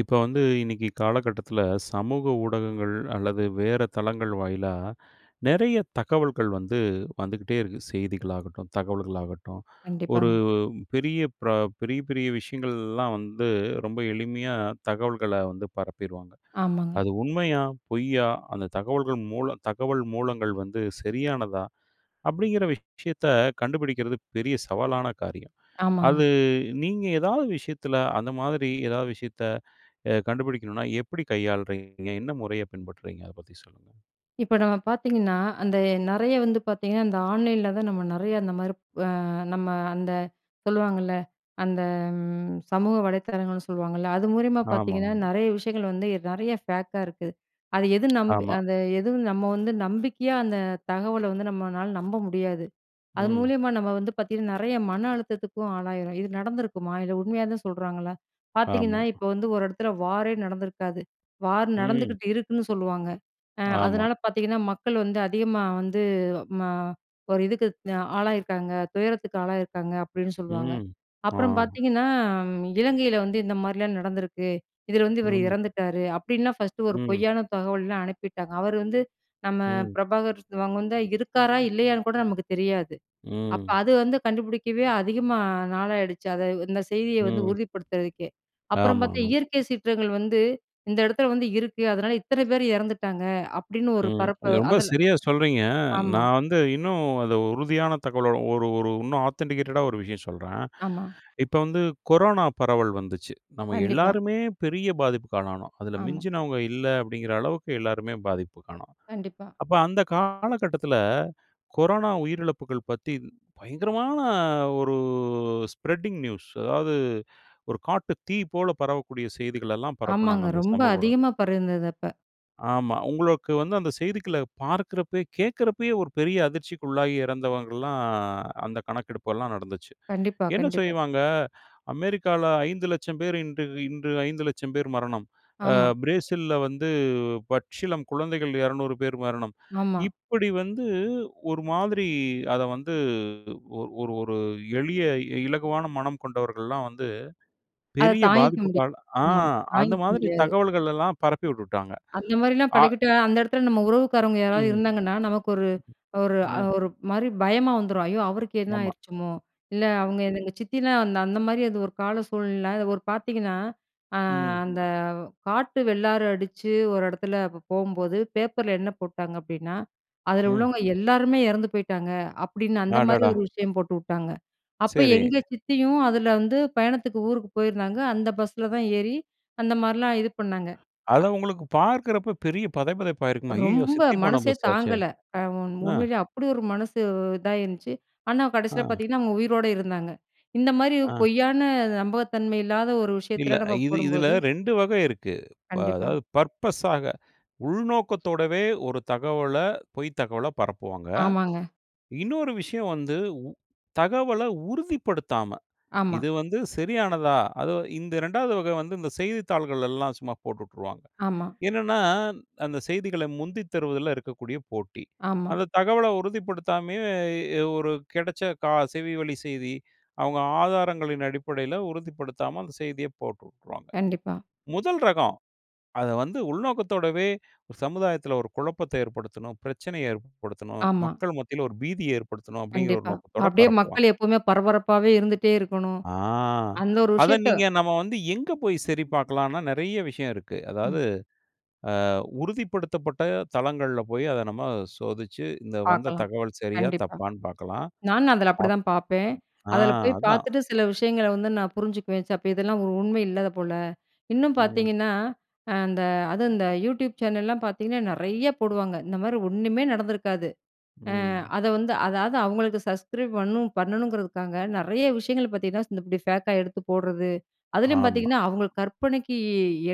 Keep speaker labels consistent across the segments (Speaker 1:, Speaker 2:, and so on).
Speaker 1: இப்ப வந்து இன்னைக்கு காலகட்டத்துல, சமூக ஊடகங்கள் அல்லது வேற தளங்கள் வாயிலா நிறைய தகவல்கள் வந்து, வந்துக்கிட்டே இருக்கு. செய்திகளாகட்டும், தகவல்கள் ஆகட்டும், ஒரு
Speaker 2: கண்டிப்பாங்க.
Speaker 1: பெரிய பர பெரிய பெரிய விஷயங்கள்லாம் வந்து, ரொம்ப எளிமையா தகவல்கள வந்து பரப்பிருவாங்க.
Speaker 2: ஆமாங்க.
Speaker 1: அது உண்மையா? பொய்யா? அந்த தகவல்கள் மூலம் தகவல் மூலங்கள் வந்து சரியானதா? அப்படிங்கிற விஷயத்த கண்டுபிடிக்கிறது பெரிய சவாலான காரியம்!
Speaker 2: ஆமாங்க.
Speaker 1: அது நீங்க எதாவது விஷயத்தில அந்த மாதிரி எதாவது விஷயத்த கண்டுபிடிக்கணும்ன்னா, எப்படி கையாளுறீங்க? என்ன முறைய பின்பற்றுறீங்க? அத பத்தி சொல்லுங்க.
Speaker 2: இப்ப நம்ம பார்த்தீங்கன்னா, அந்த நிறைய வந்து பார்த்தீங்கன்னா, அந்த ஆன்லைன்ல தான் அ நம்ம நிறைய அந்த மாதிரி அ நம்ம அந்த சொல்லுவாங்கள்ல. அந்த ம் சமூக வலைத்தளங்கள்னு சொல்லுவாங்கள்ல. அது மூலியமா
Speaker 1: ஆமா
Speaker 2: பார்த்தீங்கன்னா,
Speaker 1: ஆமா.
Speaker 2: நிறைய விஷயங்கள வந்து நிறைய பேக்கா இருக்கு. அது எது நம்பி
Speaker 1: ஆமா.
Speaker 2: அது எதுவும் நம்ம வந்து நம்பிக்கையா அந்த தகவல வந்து நம்மளால நம்ப முடியாது. அது
Speaker 1: ம்.
Speaker 2: மூலியமா நம்ம வந்து பார்த்தீங்கன்னா, நிறைய மன அழுத்தத்துக்கும் ஆளாயிரோம். இது நடந்திருக்குமா? இல்லை உண்மையா தான் சொல்றாங்களா? பார்த்தீங்கன்னா
Speaker 1: ஆமாம்.
Speaker 2: இப்ப வந்து ஒரு இடத்துல வாரே நடந்திருக்காது. வார்
Speaker 1: ம்.
Speaker 2: நடந்துக்கிட்டு இருக்குன்னு சொல்லுவாங்க. அ
Speaker 1: ஆமா.
Speaker 2: அதனால பார்த்தீங்கணா, மக்கள் வந்து அதிகமா வந்து ம ஒரு இதுக்கு ஆளாகியிருக்காங்க. துயரத்துக்கு ஆளாகி இருக்காங்க அப்படின்னு சொல்லுவாங்க.
Speaker 1: ம்.
Speaker 2: அப்புறம்
Speaker 1: ஆமா.
Speaker 2: பார்த்தீங்கன்னா "இலங்கையில வந்து இந்த மாரிலாம் நடந்திருக்கு. இதில வந்து இவரு
Speaker 1: ம்.
Speaker 2: இறந்துட்டாரு!" அப்படின்னா ஃபர்ஸ்ட்டு ஒரு
Speaker 1: ம்.
Speaker 2: பொய்யான தகவல்லாம் அனுப்பிட்டாங்க. அவரு வந்து நம்ம
Speaker 1: ம்.
Speaker 2: பிரபாகர், அவங்க வந்தா இருக்காரா? இல்லையான்னு கூட நமக்கு தெரியாது? அப்போ
Speaker 1: ம்.
Speaker 2: அது வந்து கண்டுபிடிக்கவே அதிகமா நாளாயிடுச்சு. அதை இந்த செய்திய வந்து
Speaker 1: ம்.
Speaker 2: உறுதிப்படுத்துறதுக்கே! அப்புறம் பார்த்தா
Speaker 1: ஆமாங்க.
Speaker 2: "இயற்கை சீற்றங்கள் வந்து இந்த இடத்தில வந்து இருக்கு. அதனால, இத்தனை பேர் இறந்துட்டாங்க" அப்படின்னு ஒரு
Speaker 1: ம்.
Speaker 2: பரப்ப
Speaker 1: இது ரொம்ப
Speaker 2: அதில
Speaker 1: சரியா சொல்றீங்க.
Speaker 2: ஆமா.
Speaker 1: நான் வந்து இன்னும் அதை உறுதியான தகவல ஒரு ஒரு இன்னும் ஆத்தன்டிகேட்டடா ஒரு விஷயம் சொல்றேன்.
Speaker 2: ஆமா.
Speaker 1: இப்ப வந்து கொரோனா பரவல் வந்துச்சு, நம்ம
Speaker 2: கண்டிப்பா.
Speaker 1: எல்லோருமே பெரிய பாதிப்புக்காலானோம். அதில
Speaker 2: ஆமா.
Speaker 1: மிஞ்சினவங்க இல்ல. அப்படிங்கிற அளவுக்கு எல்லோருமே பாதிப்புக்காணோம்.
Speaker 2: கண்டிப்பா.
Speaker 1: அப்ப அந்த காலகட்டத்துல கொரோனா உயிரிழப்புகள் பத்தி பயங்கரமான ஒரு ஸ்ப்ரெட்டிங் நியூஸ்! அதாவது ஒரு காட்டு தீ போல பரவக்கூடிய செய்திகளெல்லாம் பரப்புனாங்க
Speaker 2: ஆமாங்க.
Speaker 1: அந்த
Speaker 2: ரொம்ப
Speaker 1: சமூகஊடகம்.
Speaker 2: அதிகமா பரவிருந்தது அப்ப.
Speaker 1: ஆமா, உங்களுக்கு வந்து அந்த செய்திகள பார்க்குறப்பயே கேக்குறப்பயே, ஒரு பெரிய அதிர்ச்சிக்குள்ளாகி இறந்தவங்கலாம் அந்த கணக்கெடுப்பெல்லாம் நடந்துச்சு.
Speaker 2: கண்டிப்பா
Speaker 1: என்ன
Speaker 2: கண்டிப்பா.
Speaker 1: செய்வாங்க? "அமெரிக்கால 500000 பேர் இன்று இன்று 500000 பேர் மரணம். அ
Speaker 2: ஆமா.
Speaker 1: பிரேசில்ல வந்து பச்சிளம் குழந்தைகள் 200 பேர் மரணம்"
Speaker 2: ஆமா.
Speaker 1: இப்படி வந்து ஒரு மாதிரி அத வந்து ஒ ஒரு ஒரு எளிய இ இலகுவான மனம் கொண்டவர்கள்லாம் வந்து
Speaker 2: அத
Speaker 1: பெரிய,
Speaker 2: தாங்கிக்க முடியாது.
Speaker 1: பாதிப்புக்காளா ஆ
Speaker 2: ஆமா,
Speaker 1: அந்த
Speaker 2: தாங்கிக்க
Speaker 1: மாதிரி
Speaker 2: முடியாது.
Speaker 1: தகவல்கள் எல்லாம் பரப்பி உட்டுட்டாங்க.
Speaker 2: அந்த மாரிலாம்
Speaker 1: அ.
Speaker 2: பழகிட்டா, அந்த எடத்துல நம்ம உறவுக்காரங்க யாராது
Speaker 1: ம்ஹ்ம்.
Speaker 2: இருந்தாங்கன்னா, நமக்கு ஒரு ஒரு அ
Speaker 1: ம்.
Speaker 2: ஒரு மாரி பயமா வந்துரும். ஐயோ! அவருக்கு என்ன
Speaker 1: ஆமா.
Speaker 2: ஆயிருச்சுமோ? இல்ல அவுங்க எந் எங்க சித்திதான் அந்த அந்த மாதிரி அது ஒரு கால சூழ்நிலைல அத ஒரு பாத்தீங்கன்னா, அ
Speaker 1: ம்.
Speaker 2: அந்த காட்டு வெள்ளாறு அடிச்சு ஒரு எடத்துல போம்போது, பேப்பர்ல என்ன போட்டாங்க அப்டீன்னா, "அதுல
Speaker 1: ம்.
Speaker 2: உள்ளவங்க எல்லாருமே எறந்து போயிட்டாங்க" அப்டின்னு, அந்த மாதிரி
Speaker 1: அடடா!
Speaker 2: ஒரு விஷயம் போட்டு வுட்டாங்க. அப்ப
Speaker 1: செரி.
Speaker 2: எங்க சித்தியும் அதுல வந்து, பயணத்துக்கு ஊருக்கு போயிருந்தாங்க, அந்த பஸ்ல தான் ஏறி அந்த மாரிலாம் இது பண்ணாங்க. அ,
Speaker 1: அத உங்களுக்கு பார்க்கறப்ப பெரிய பதைபதைப்பாயிருக்குமா? ஐய்யயோ!
Speaker 2: ரொம்ப
Speaker 1: சித்தி போன
Speaker 2: மனசே
Speaker 1: பஸ் ஆச்சே.
Speaker 2: தாங்கல. அ உண்
Speaker 1: ஆ.
Speaker 2: உண்மையிலயே அப்டி ஒரு மனசு இதாயிருந்ச்சு. ஆனா கடைசியில
Speaker 1: ஆ.
Speaker 2: பாத்தீங்கன்னா, அவுங்க உயிரோட இருந்தாங்க. இந்த மாரி
Speaker 1: ஆ.
Speaker 2: பொய்யான, நம்பகத்தன்மை இல்லாத ஒரு
Speaker 1: இல்ல.
Speaker 2: விஷயத்துல நம்ம
Speaker 1: இது இதுல
Speaker 2: போடும்போது
Speaker 1: 2 வகை இருக்கு. ப அ
Speaker 2: கண்டிப்பா.
Speaker 1: அதாவது பர்ப்பஸாக, உள்நோக்கத்தோடவே ஒரு தகவல பொய் தகவல பரப்புவாங்க.
Speaker 2: ஆமாங்க.
Speaker 1: இன்னொரு விஷயம் வந்து, உ தகவல உறுதிப்படுத்தாம
Speaker 2: ஆமா.
Speaker 1: இது வந்து சரியானதா? அது இந்த 2வது வகை வந்து இந்த செய்தித்தாள்கள்ல எல்லாம் சும்மா போட்டு உட்டுருவாங்க.
Speaker 2: ஆமா.
Speaker 1: என்னன்னா, அந்த செய்திகள முந்தித் தருவதுல இருக்கக்கூடிய போட்டி.
Speaker 2: ஆமா.
Speaker 1: அந்த தகவல உறுதிப்படுத்தாமயே, எ ஒரு கெடைச்ச கா செவி வழி செய்தி, அவுங்க ஆதாரங்களின் அடிப்படையில உறுதிப்படுத்தாம, அந்த செய்திய போட்டு வுட்ருவாங்க.
Speaker 2: கண்டிப்பா.
Speaker 1: முதல் ரகம். அத வந்து உள்நோக்கத்தோடவே, "சமுதாயத்துல ஒரு குழப்பத்த ஏற்படுத்தணும், பிரச்சனைய ஏற்படுத்தணும்,
Speaker 2: ஆமா.
Speaker 1: மக்கள் மத்தியில ஒரு பீதிய ஏற்படுத்தணும்" அப்டிங்கிற ஒரு
Speaker 2: கண்டிப்பா.
Speaker 1: நோக்கத்தோட
Speaker 2: அப்டியே
Speaker 1: பரப்புவாங்க.
Speaker 2: மக்கள் எப்பவுமே பரபரப்பாவே இருந்துட்டே இருக்கணும்.
Speaker 1: ஆ,
Speaker 2: அந்த ஒரு
Speaker 1: அத
Speaker 2: விஷயத்த
Speaker 1: நீங்க நம்ம வந்து எங்க போய் சரி பாக்கலாம்னா, நெறைய விஷயம் இருக்கு.
Speaker 2: ம்.
Speaker 1: அதாவது ஆ உறுதிப்படுத்தப்பட்ட தளங்கள்ல போயி, அத நம்ம சோதிச்சு இந்த வந்த
Speaker 2: பாக்கலாம்.
Speaker 1: தகவல் சரியா,
Speaker 2: கண்டிப்பா.
Speaker 1: தப்பான்னு பாக்கலாம்.
Speaker 2: நானும் அதுல
Speaker 1: அப்
Speaker 2: அப்டிதான் பாப்பேன்.
Speaker 1: ஆ
Speaker 2: அதுல போய்
Speaker 1: அதான்.
Speaker 2: பாத்துட்டு சில விஷயங்கள வந்து நான் புரிஞ்சுக்குவேன். ச அப்ப இதெல்லாம் ஒரு உண்மை இல்லாத போல. இன்னும்
Speaker 1: ம்.
Speaker 2: பாத்தீங்கன்னா, அ அந்த அதும் அந்த யூடியூப் சேனல்லாம் பாத்தீங்கன்னா, நெறையா போடுவாங்க. இந்த மாரி ஒண்ணுமே நடந்துருக்காது. அ
Speaker 1: ம்.
Speaker 2: அத வந்து அதாது அவுங்களுக்கு சஸ்கிரைப் வரனும், பண்ணணுங்குறதுக்காக, நெறைய விஷயங்கள் பாத்தீங்கன்னா, இந்த இப்டி ஃபேக்கா எடுத்து போட்றது, அதுலயும்
Speaker 1: ஆமா.
Speaker 2: பாத்தீங்கன்னா, அவுங்களு கற்பனைக்கு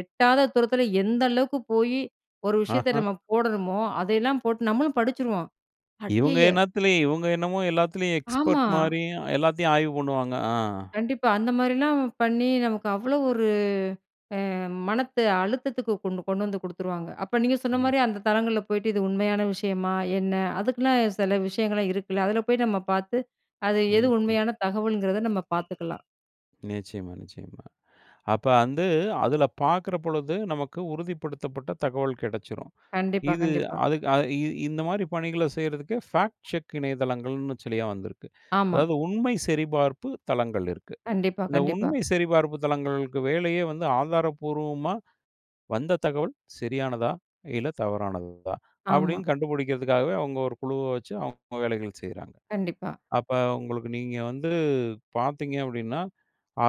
Speaker 2: எட்டாத தூரத்துல, எந்த அளவுக்கு போயி, ஒரு விஷயத்த
Speaker 1: ஆஹ.
Speaker 2: நம்ம போடணுமோ, அதயெல்லாம் போட்டு, நம்மளும் படிச்சுருவோம்
Speaker 1: இவுங்க
Speaker 2: ஐய்யய்ய!
Speaker 1: என்னாத்துல! இவுங்க என்னமோ எல்லாத்துலையும் எக்ஸ்பெர்ட்
Speaker 2: ஆமா.
Speaker 1: மாரியும், எல்லாத்தையும் ஆய்வு பண்ணுவாங்க. ஆ.
Speaker 2: கண்டிப்பா. அந்த மாரிலாம் வ பண்ணி, நமக்கு அவ்ளோ ஒரு அ மன அழுத்தத்துக்கு கொண்டு கொண்டு வந்து குடுத்துருவாங்க. அப்ப நீங்க சொன்ன
Speaker 1: ம்.
Speaker 2: மாரி, அந்த தளங்கள்ல போய்ட்டு இது உண்மையான விஷயமா? என்ன? அதுக்குன்னே செல விஷயங்கள்லாம் இருக்குல! அதுல போய் நம்ம பாத்து, அது எது
Speaker 1: ம் ம்.
Speaker 2: உண்மையான தகவல்ங்கிறத நம்ம பாத்துக்கலாம்.
Speaker 1: நிச்சயமா, நிச்சயமா. அப்ப வந்து அதில பாக்கிற பொழுது நமக்கு உறுதிப்படுத்தப்பட்ட தகவல் கெடைச்சுரும்.
Speaker 2: கண்டிப்பா,
Speaker 1: இது
Speaker 2: கண்டிப்பா.
Speaker 1: அதுக்கு அது இ இந்த மாரி பணிகளை செய்யறதுக்கு ஃபேக்ட் செக் இணையதளங்கள்னு சில வந்திருக்கு.
Speaker 2: ஆமா.
Speaker 1: அதாவது உண்மை சரிபார்ப்பு தளங்கள் இருக்கு.
Speaker 2: கண்டிப்பா,
Speaker 1: இந்த
Speaker 2: கண்டிப்பா.
Speaker 1: உண்மை சரிபார்ப்பு தளங்களுக்கு வேலையே வந்து ஆதாரப்பூர்வமா வந்த தகவல் சரியானதா, இல்ல தவறானதா,
Speaker 2: ஆமா.
Speaker 1: அப்டின்னு கண்டுபிடிக்கிறதுக்காகவே அவங்க ஒரு குழுவை வச்சு அவங்க வேலைகள் செய்றாங்க.
Speaker 2: கண்டிப்பா.
Speaker 1: அப்ப உங்களுக்கு நீங்க வந்து பார்த்தீங்க அப்டின்னா,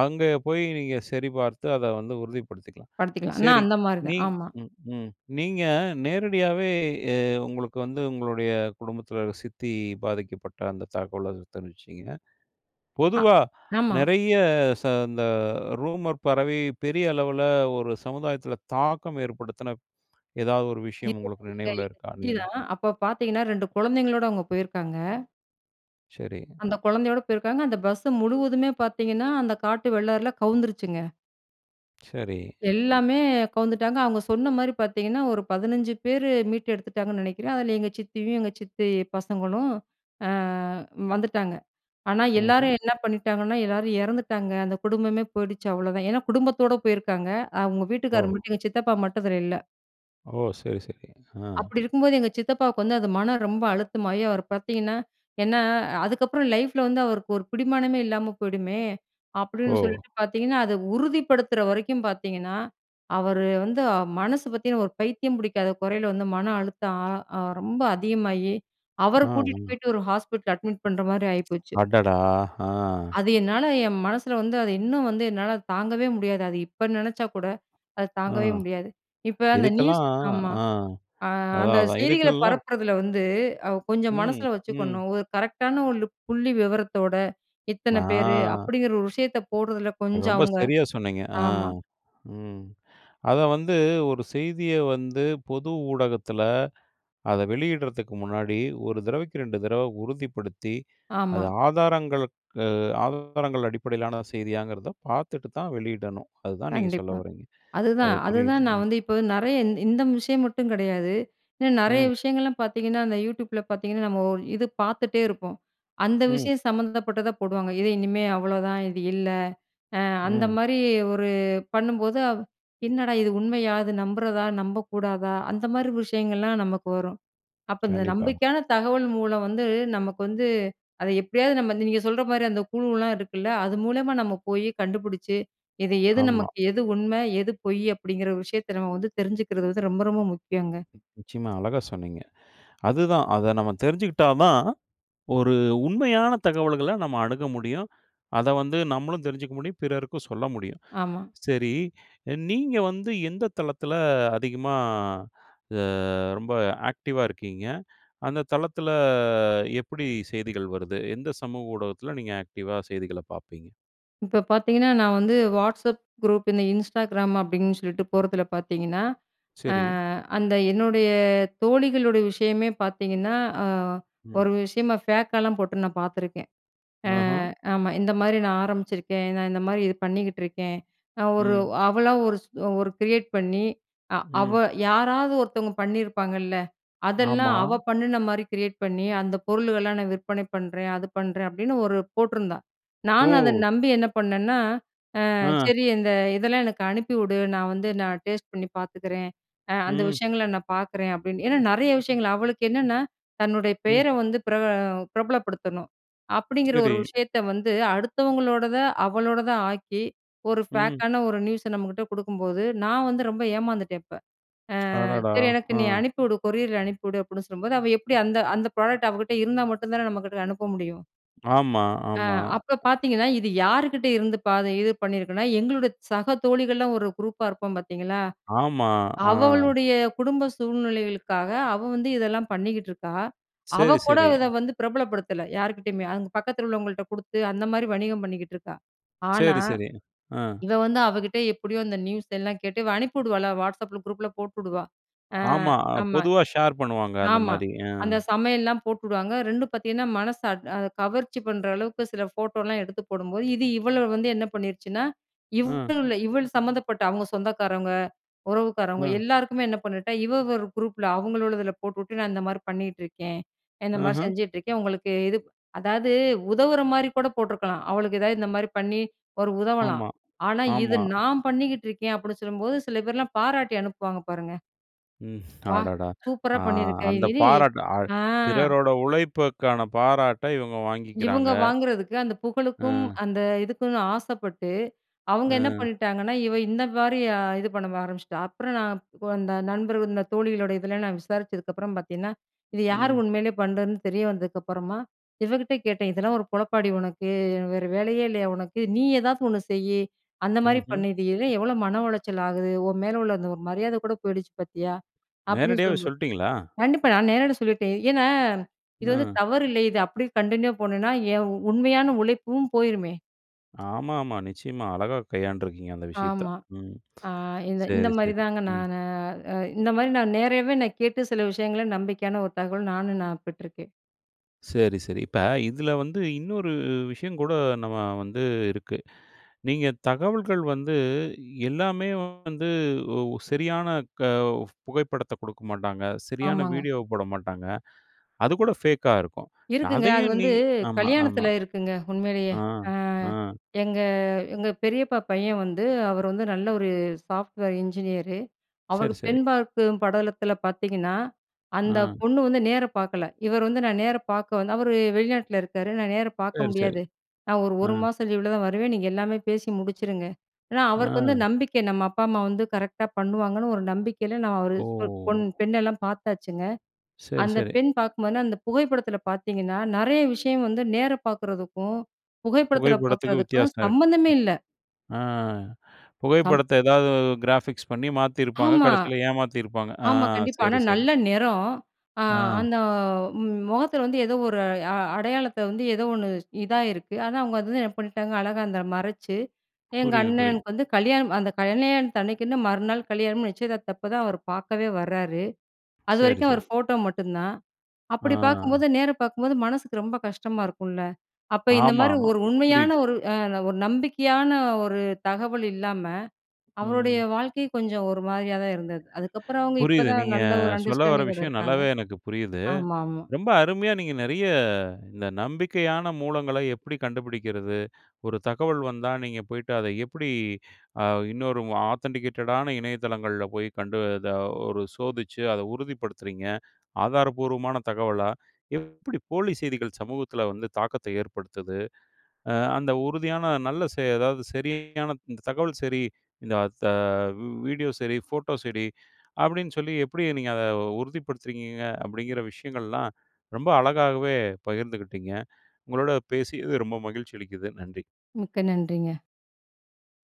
Speaker 1: அங்கே போய் நீங்க சரிபார்த்து அத வந்து உறுதிப்படுத்திக்கலாம்.
Speaker 2: படுத்திக்கலாம். ஆனா
Speaker 1: சரி
Speaker 2: அந்த மாதிரி
Speaker 1: நீ
Speaker 2: தான். ஆமா.
Speaker 1: ம், ம். நீங்க நேரடியாவே அ உங்களுக்கு வந்து உங்களுடைய குடும்பத்தில சித்தி பாதிக்கப்பட்ட அந்த தகவலை தெரிவிச்சீங்க.
Speaker 2: ஆ,
Speaker 1: பொதுவா
Speaker 2: ஆமா.
Speaker 1: நெறைய ச இந்த ரூமர் பறவை பெரிய அளவில ஒரு சமுதாயத்தில தாக்கம் ஏற்படுத்தின எதாவது ஒரு விஷயம்
Speaker 2: எங்க
Speaker 1: உங்களுக்கு
Speaker 2: எங்க
Speaker 1: நினைவில
Speaker 2: எங்க
Speaker 1: இருக்கா?
Speaker 2: சித்தி
Speaker 1: நீங்க.
Speaker 2: தான். அப்போ பார்த்தீங்கன்னா 2 கொழந்தைங்களோட அவங்க போயிருக்காங்க.
Speaker 1: சரி.
Speaker 2: அந்த கொழந்தையோட போயிருக்காங்க. அந்த பஸ்ஸு முழுவதுமே பார்த்தீங்கன்னா, அந்த காட்டு வெள்ளாறுல கவுந்துருச்சுங்க.
Speaker 1: சரி.
Speaker 2: எல்லாமே, கவுந்துட்டாங்க. அவங்க சொன்ன மாரி பார்த்தீங்கன்னா, ஒரு 15 பேரு, மீட்டெடுத்துட்டாங்கன்னு நினைக்கிறேன். அதுல எங்க சித்தியும், எங்க சித்தி பசங்களும், அ வந்துட்டாங்க. ஆனா,
Speaker 1: ம்ஹ்ம்.
Speaker 2: எல்லாரும் என்ன பண்ணிட்டாங்கன்னா, எல்லாரும் இறந்துட்டாங்க, அந்த குடும்பமே போயிடுச்சு, அவ்வளோதான். ஏன்னா, குடும்பத்தோட போயிருக்காங்க. அவங்க வீட்டுக்காரர்
Speaker 1: ஓ!
Speaker 2: மட்டும், எங்க சித்தப்பா மட்டும், அதுல இல்ல.
Speaker 1: ஓ! சரி, சரி. ஆ.
Speaker 2: அப்படி இருக்கும்போது, எங்க சித்தப்பாவுக்கு வந்து அது, மனம் ரொம்ப அழுத்தமாகி அவர் பார்த்தீங்கன்னா, ஏன்னா, அதுக்கப்புறம் லைஃப்புல வந்து, அவருக்கு ஒரு பிடிமானமே இல்லாம போயிடுமே.
Speaker 1: ஓ!
Speaker 2: அப்படின்னு சொல்லிட்டு பார்த்தீங்கன்னா, அத உறுதிப்படுத்துற வரைக்கும் பார்த்தீங்கன்னா, அவரு வந்து, அ மனசு பார்த்தீங்கன்னா, ஒரு பைத்தியம் பிடிக்காத குறையில வந்து, மன அழுத்தம் அ அ ரொம்ப அதிகமாகி, அவர
Speaker 1: ஆ,
Speaker 2: கூட்டிட்டு
Speaker 1: ஆமா.
Speaker 2: போய்ட்டு, ஒரு ஹாஸ்பிட்டல்ல அட்மிட் பண்ணுற மாரி ஆயிப்போச்சு.
Speaker 1: அடடா! ஆ.
Speaker 2: அது என்னால என் மனசுல வந்து, அது இன்னும் வந்து என்னாலத் தாங்கவே முடியாது. அது இப்ப நினைச்சா கூட, அத
Speaker 1: அ.
Speaker 2: தாங்கவே முடியாது. இப்ப அந்த நியூஸ்,
Speaker 1: இதுக்கெல்லாம், ஆ,
Speaker 2: ஆமா.
Speaker 1: ஆ.
Speaker 2: ஆ அந்த
Speaker 1: அதான், அதான்.
Speaker 2: செய்திகள
Speaker 1: இதுக்கெல்லாம்
Speaker 2: பரப்புரதுல வந்து, அ கொஞ்சம்
Speaker 1: ம்,
Speaker 2: மனசுல
Speaker 1: ம்.
Speaker 2: வச்சுக்கணும். ஒரு கரெக்டான ஒரு லு, புள்ளி விவரத்தோட, இத்தன பேரு,
Speaker 1: நான்.
Speaker 2: அப்படிங்கிற ஒரு விஷயத்த போடுறதுல, கொஞ்சம்
Speaker 1: ரொம்ப
Speaker 2: அவுங்க.
Speaker 1: சரியா சொன்னீங்க. ஆ,
Speaker 2: ஆமா.
Speaker 1: ம். அத வந்து, ஒரு செய்திய வந்து, பொது ஊடகத்துல, அத வெளியிடுறதுக்கு முன்னாடி, ஒரு தடவைக்கு 2 தடவ உறுதிப்படுத்தி, அத
Speaker 2: ஆமா.
Speaker 1: ஆதாரங்களுக்கு, அ ஆதாரங்கள் அடிப்படையிலான செய்தியாங்கிறத, பார்த்துட்டு தான் வெளியிடணும். அதுதான் நீங்க
Speaker 2: கண்டிப்பா.
Speaker 1: சொல்லவறீங்க. அது
Speaker 2: அதுதான்.
Speaker 1: புரியுது,
Speaker 2: அதுதான் நான்
Speaker 1: ம்.
Speaker 2: வந்து இப்ப, நிறைய இந், இந்த விஷயம் மட்டும் கிடையாது. இன்னும் நிறைய
Speaker 1: ம்.
Speaker 2: விஷயங்கள்லாம் பார்த்தீங்கன்னா, அந்த Youtubeல பார்த்தீங்கன்னா, நம்ம ஓ இது பார்த்துட்டே இருப்போம். அந்த
Speaker 1: ம்.
Speaker 2: விஷயம் சம்மந்தப்பட்டதா போடுவாங்க. இது, இனிமே அவ்வளோதான். இது இல்ல. அ அந்த
Speaker 1: ம்.
Speaker 2: மாரி, ஒரு பண்ணும்போது, அ என்னடா இது உண்மையா? அது நம்புறதா, நம்பக்கூடாதா? அந்த மாரி விஷயங்கள்லாம், நமக்கு வரும். அப்போ, இந்த
Speaker 1: கண்டிப்பா.
Speaker 2: நம்பிக்கையான தகவல் மூலம் வந்து, நமக்கு வந்து, அத எப்படியாவது நம்ம இந்த, நீங்க சொல்ற மாரி அந்த குழுலாம் இருக்குல்ல? அது மூலமா நம்ம போயி, கண்டுபிடிச்சி, இது எது
Speaker 1: ஆமா.
Speaker 2: நமக்கு, எது உண்ம, எது பொய்யி அப்படிங்கிற ஒரு விஷயத்த, நம்ம வந்து தெரிஞ்சுக்கிறது வந்து, ரொம்ப, ரொம்ப முக்கியம்ங்க.
Speaker 1: நிச்சயமா, அழகாக சொன்னீங்க. அதுதான், அத நம்ம தெரிஞ்சுக்கிட்டா தான், ஒரு உண்மையான தகவல்கள, நம்ம அணுக முடியும். அத வந்து, நம்மளும் தெரிஞ்சுக்க முடியும், பிறருக்கும் சொல்ல முடியும்.
Speaker 2: ஆமா.
Speaker 1: சரி, நீங்க வந்து எந்த தளத்துல, அதிகமா, அ ரொம்ப ஆக்டிவாக இருக்கீங்க? அந்த தளத்துல, எப்படி செய்திகள் வருது? எந்த சமூக ஊடகத்துல, நீங்க ஆக்டிவாக செய்திகள பார்ப்பீங்க?
Speaker 2: இப்ப பார்த்தீங்கன்னா, நான் வந்து Whatsapp குரூப், இந்த Instagram அப்டின்னு சொல்லிட்டு போறதில பார்த்தீங்கன்னா. அ
Speaker 1: சரி.
Speaker 2: அந்த என்னுடைய தோழிகளுடைய விஷயமே பார்த்தீங்கன்னா, அ
Speaker 1: ம்.
Speaker 2: ஒரு விஷயமா, ஃபேக்காலாம் போட்டு நான் பார்த்துருக்கேன். அ
Speaker 1: ஆஹ.
Speaker 2: ஆமா. இந்த மாதிரி நான் ஆரம்பிச்சிருக்கேன். நான் இந்த மாதிரி இது பண்ணிக்கிட்டு இருக்கேன். நான் ஒரு,
Speaker 1: ம்.
Speaker 2: அவளா ஒரு, ஒரு கிரியேட் பண்ணி அ அவ
Speaker 1: ம்.
Speaker 2: யாராவது ஒருத்தங்க பண்ணிருப்பாங்கல்ல. அதெல்லாம்
Speaker 1: ஆமா.
Speaker 2: அவள் பண்ணுன மாதிரி கிரியேட் பண்ணி, அந்த பொருளுகல்லாம் நான் விற்பனை பண்ணுறேன். அது பண்ணுறேன். அப்டின்னு ஒரு போட்டிருந்தா. நானும் அத
Speaker 1: ஓ!
Speaker 2: நம்பி என்ன பண்ணன்னா, அ
Speaker 1: அ.
Speaker 2: சரி, இந்த இதெல்லாம் எனக்கு அனுப்பி வுடு. நான் வந்து நான் டேஸ்ட் பண்ணி பார்த்துக்கிறேன். அ அந்த
Speaker 1: ம்.
Speaker 2: விஷயங்கள நான் பார்க்குறேன். அப்டின்னு ஏன்னா நெறைய விஷயங்கள், அவளுக்கு என்னென்னா, தன்னுடைய
Speaker 1: ம்.
Speaker 2: பேர வந்து பிரபல பிரபலப்படுத்தணும். அப்டீங்குற
Speaker 1: சரி.
Speaker 2: ஒரு விஷயத்த வந்து அடுத்தவங்களோடத அவளோடதா ஆக்கி, ஒரு
Speaker 1: ம்.
Speaker 2: ஃபேக்கான ஒரு நியூஸ நம்மகிட்ட கொடுக்கும்போது, நான் வந்து ரொம்ப ஏமாந்துட்டேன் இப்ப. அ
Speaker 1: அடடா.
Speaker 2: சரி எனக்கு
Speaker 1: அ.
Speaker 2: நீ அனுப்பிவுடு, கொரியர்ல அனுப்பி வுடு அப்படின்னு சொல்லும்போது, அவள் எப்படி அந்த அந்த ப்ராடக்ட் அவகிட்ட இருந்தா மட்டும் தான நம்ம கிட்ட அனுப்ப முடியும்?
Speaker 1: ஆமா.
Speaker 2: அ
Speaker 1: ஆமா.
Speaker 2: அப்ப பார்த்தீங்கன்னா, இது யாருகிட்ட இருந்து பாத இது பண்ணியிருக்குன்னா எங்களோட சக தோழிகள்லாம் ஒரு குரூப்பா இருப்போம் பார்த்தீங்களா.
Speaker 1: ஆமா. அ.
Speaker 2: அவளுடைய குடும்ப சூழ்நிலைகளுக்காக அவள் வந்து இதெல்லாம் பண்ணிக்கிட்டுருக்கா.
Speaker 1: சரி,
Speaker 2: அவள் கூட
Speaker 1: சரி.
Speaker 2: இத வந்து பிரபலப்படுத்தல, யார்க்கிட்டயுமே. அங்க பக்கத்தில் உள்ளவங்கள்ட்ட கொடுத்து. அந்த மாதிரி வணிகம் பண்ணிக்கிட்டு இருக்கா. ஆனா,
Speaker 1: சரி, சரி. அ.
Speaker 2: இவள் வந்து அவ கிட்ட எப்படியோ அந்த நியூஸ் எல்லாம் கேட்டு, இவள் அனுப்பி விடுவால்ல, Whatsappல குரூப்பில போட்டுடுவா. அ
Speaker 1: ஆமா.
Speaker 2: ஆமா.
Speaker 1: பொதுவா ஷேர் பண்ணுவாங்க. அந்த
Speaker 2: ஆமா.
Speaker 1: மாதிரி. அ.
Speaker 2: அந்த சமையல்லாம் போட்டுடுவாங்க. ரெண்டும் பார்த்தீங்கன்னா மனச அ கவர்ச்சி பண்ணுற அளவுக்கு சில ஃபோட்டோலாம் எடுத்து போடும்போது, இது இவள வந்து என்ன பண்ணிருச்சுனா,
Speaker 1: அ.
Speaker 2: இவள் இவள் சம்மந்தப்பட்ட, அவங்க சொந்தக்காரங்க, உறவுக்காரவங்க,
Speaker 1: அ.
Speaker 2: எல்லாருக்குமே என்ன பண்ணிட்டா, இவள் ஒரு குரூப்பில அவங்கள உள்ளதில போட்டுட்டு. நான் இந்த மாதிரி பண்ணிட்டுருக்கேன். இந்த மாதிரி
Speaker 1: ஆஹ.
Speaker 2: செஞ்சுட்ருக்கேன், உங்களுக்கு இது. அதாவது உதவுற மாதிரி கூட போட்ருக்கலாம். அவளுக்கு எதாவது இந்த மாதிரி பண்ணி, ஒரு உதவலாம்.
Speaker 1: ஆமா.
Speaker 2: ஆனா, இது
Speaker 1: ஆமா.
Speaker 2: நான் பண்ணிக்கிட்டு இருக்கேன், அப்படின்னு சொல்லும்போது சில பேர்லாம் பாராட்டி அனுப்புவாங்க பாருங்க.
Speaker 1: ம்.
Speaker 2: "வா
Speaker 1: அடடா!
Speaker 2: சூப்பரா
Speaker 1: அ
Speaker 2: பண்ணியிருக்க!"
Speaker 1: அந்த
Speaker 2: இது
Speaker 1: பாராட்ட அ
Speaker 2: ஆ!
Speaker 1: பிறரோட உழைப்புக்கான பாராட்ட இவங்க வாங்கிக்கிறாங்க!
Speaker 2: இவங்க வாங்குறதுக்கு, அந்த புகழுக்கும்.
Speaker 1: அ.
Speaker 2: அந்த இதுக்குன்னு ஆசப்பட்டு. அவங்க என்ன
Speaker 1: அ.
Speaker 2: பண்ணிட்டாங்கன்னா, இவ இந்த மாதிரி அ இது பண்ண ஆரம்பிச்சிட்டா, அப்புறம் நான் அந்த நண்பர்கள், இந்த தோழிகளோட இதில நான் விசாரித்ததுக்கப்புறம் பார்த்தீங்கன்னா, இது யாரு
Speaker 1: ம்.
Speaker 2: உண்மலேயே பண்ணுறதுன்னு தெரிய வந்ததுக்கு அப்புறமா, இவகிட்ட கேட்டேன். "இதெல்லாம் ஒரு பொழப்பாடி உனக்கு! வேறு வேலையே இல்லையா உனக்கு? நீ ஏதாவது ஒன்னு செய். அந்த மாதிரி
Speaker 1: ம்ஹம்.
Speaker 2: பண்ணு. இது எ எவ்ளோ மன உளைச்சல் ஆகுது, உன் மேல உள்ள அந்த ஒரு மரியாத கூட போயிடுச்சு பார்த்தியா?" அப்படின்னு
Speaker 1: நேரடியாவே
Speaker 2: சொல்லும்போது.
Speaker 1: சொல்டீங்களா?
Speaker 2: கண்டிப்பா, நான் நேரில சொல்லிட்டேன். ஏன்னா இது வந்து
Speaker 1: அ.
Speaker 2: தவறு இல்ல இது அப்படியே கன்டின்யூ போணுன்னா ஏன் உண்மையான உழைப்பும் போயிருமே!
Speaker 1: ஆமாமா. நிச்சயமா அழகாக கையாண்டுருக்கீங்க, அந்த விஷயத்த.
Speaker 2: ஆமா.
Speaker 1: ம்.
Speaker 2: அ இந்த இந்த
Speaker 1: சரி,
Speaker 2: மாரி
Speaker 1: சரி.
Speaker 2: தாங்க.
Speaker 1: ம்.
Speaker 2: நானு இந்த மாரி நா நேரவே நான் கேட்டு சில விஷயங்கள நம்பிக்கையான ஒரு தகவல் நானும் நான் பெற்றுக்கேன்.
Speaker 1: சரி சரி. இப்ப இதில வந்து இன்னொரு விஷயங்கூட நம்ம வந்து இருக்கு. நீங்க தகவல்கள் வந்து, எல்லாமே வந்து ஒ சரியான க புகைப்படத்தை குடுக்க மாட்டாங்க. சரியான
Speaker 2: ஆமாங்க.
Speaker 1: வீடியோவ போட மாட்டாங்க. அது கூட ஃபேக்காக இருக்கும்.
Speaker 2: இருக்குங்க. அது
Speaker 1: அதையும் நீ
Speaker 2: வந்து
Speaker 1: ஆமா
Speaker 2: கல்யாணத்தில
Speaker 1: ஆமா.
Speaker 2: இருக்குங்க, உண்மைலயே.
Speaker 1: ஆ,
Speaker 2: அ
Speaker 1: ஆ.
Speaker 2: எங்க எங்க பெரியப்பா பையன் வந்து அவர் வந்து நல்ல ஒரு சாஃப்ட்வேர் இன்ஜினியரு.
Speaker 1: சரி,
Speaker 2: அவருக்கு
Speaker 1: சரி.
Speaker 2: பெண் பார்க்கும் படலத்தில பார்த்தீங்கணா, அந்த
Speaker 1: ஆ.
Speaker 2: பொண்ணு வந்து நேர பார்க்கல. இவர் வந்து நான் நேர பார்க்க வந்து, அவரு வெளிநாட்டில இருக்காரு. நா நேர பார்க்க
Speaker 1: சரி, சரி.
Speaker 2: முடியாது. நா ஒரு
Speaker 1: ஆ.
Speaker 2: 1 மாசம் லீவுல தான் வருவேன். நீங்க எல்லாமே பேசி முடிச்சுருங்க. ஏன்னா அவருக்கு வந்து
Speaker 1: ஆ.
Speaker 2: நம்பிக்கை. நம்ம அப்பா அம்மா வந்து கரெக்ட்டா பண்ணுவாங்கன்னு ஒரு நம்பிக்கைல, நான் ஒரு
Speaker 1: ஓ!
Speaker 2: பொண் பெண்ணெல்லாம் பார்த்தாச்சுங்க.
Speaker 1: சரி,
Speaker 2: அந்த
Speaker 1: சரி.
Speaker 2: பெண் பாக்கும்போதுனா அந்த புகைப்படத்தில பார்த்தீங்கன்னா. நிறைய விஷயம் வந்து நேர பாக்கறதுக்கும், புகைப்படத்தில
Speaker 1: புகைப்படத்துக்கு
Speaker 2: பாக்குறதுக்கும்
Speaker 1: வித்தியாசம் இருக்கு.
Speaker 2: சம்மந்தமே இல்ல.
Speaker 1: ஆ
Speaker 2: சம்
Speaker 1: புகைப்படத்த ஏதாவது அ கிராஃபிக்ஸ் பண்ணி மாத்தியிருப்பாங்க.
Speaker 2: ஆமா
Speaker 1: கடைசில ஏமாத்தியிருப்பாங்க. அ.
Speaker 2: ஆமா, கண்டிப்பா. ஆனா
Speaker 1: சரி, சரி.
Speaker 2: நல்ல நிறம். அ
Speaker 1: ஆ.
Speaker 2: அந்த முகத்தில வந்து ஏதோ ஒரு அ அடையாளத்த வந்து, ஏதோ ஒண்ணு இதாயிருக்கு. ஆனா அவுங்க அது வந்து என்ன பண்ணிட்டாங்க. அழகா அத மறைச்சு, எங்க
Speaker 1: புரியுது, புரியுது.
Speaker 2: அண்ணனுக்கு வந்து கல்யாணம். அந்த கல்யாணத்தன்னைக்குன்னு, மறுநாள் கல்யாணம். நிச்சயதார்த்தப்பதான் அவர் பார்க்கவே வரார்.
Speaker 1: சரி,
Speaker 2: அதுவரைக்கும் அவர்
Speaker 1: சரி.
Speaker 2: ஃபோட்டோ மட்டும்தான். அப்டி
Speaker 1: ஆ.
Speaker 2: பாக்கும்போது, நேர பார்க்கும்போது மனசுக்கு ரொம்ப கஷ்டமா இருக்கும்ல. அப்ப, இந்த
Speaker 1: ஆமா,
Speaker 2: மாரி
Speaker 1: ஆமா.
Speaker 2: ஒரு உண்மையான,
Speaker 1: புரியுது.
Speaker 2: ஒரு ஒரு நம்பிக்கையான ஒரு தகவல் இல்லாம அவருடைய
Speaker 1: ம்.
Speaker 2: வாழ்க்கை கொஞ்சம் ஒரு மாதிரியா தான் இருந்தது. அதுக்கப்புறம் அவுங்க
Speaker 1: புரியுது.
Speaker 2: இப்பதான்
Speaker 1: நீங்க
Speaker 2: நல்ல ஒரு
Speaker 1: சொல்ல வர
Speaker 2: அண்டர்ஸ்டாண்டிங்கோட
Speaker 1: விஷயம்
Speaker 2: இருக்காங்க.
Speaker 1: நல்லாவே எனக்கு புரியுது.
Speaker 2: ஆமாமா.
Speaker 1: ரொம்ப அருமையா நீங்க நிறைய இந்த நம்பிக்கையான மூலங்கள எப்படி கண்டுபிடிக்கிறது? ஒரு தகவல் வந்தா நீங்க போய்ட்டு அத எப்படி அ இன்னொரு ஆதென்டிகேட்டடான இணையதளங்கள்ல போய் கண்டு அத ஒரு சோதித்து அத உறுதிப்படுத்துறீங்க? ஆதாரப்பூர்வமான தகவலா? எப்படி போலி செய்திகள் சமூகத்தில வந்து தாக்கத்த ஏற்படுத்துது? அ அந்த உறுதியான நல்ல, ச அதாவது சரியான தகவல் சரி. இந்த த அ வீடியோ சரி. ஃபோட்டோ சரி. அப்படின்னு சொல்லி எப்படி நீங்கள் அதை உறுதிப்படுத்துறுங்கீங்க? அப்படிங்கிற விஷயங்கள்லாம் ரொம்ப அழகாகவே பகிர்ந்துகிட்டிங்க. உங்களோட பேசியது ரொம்ப மகிழ்ச்சி அளிக்குது. நன்றி.
Speaker 2: மிக்க நன்றிங்க.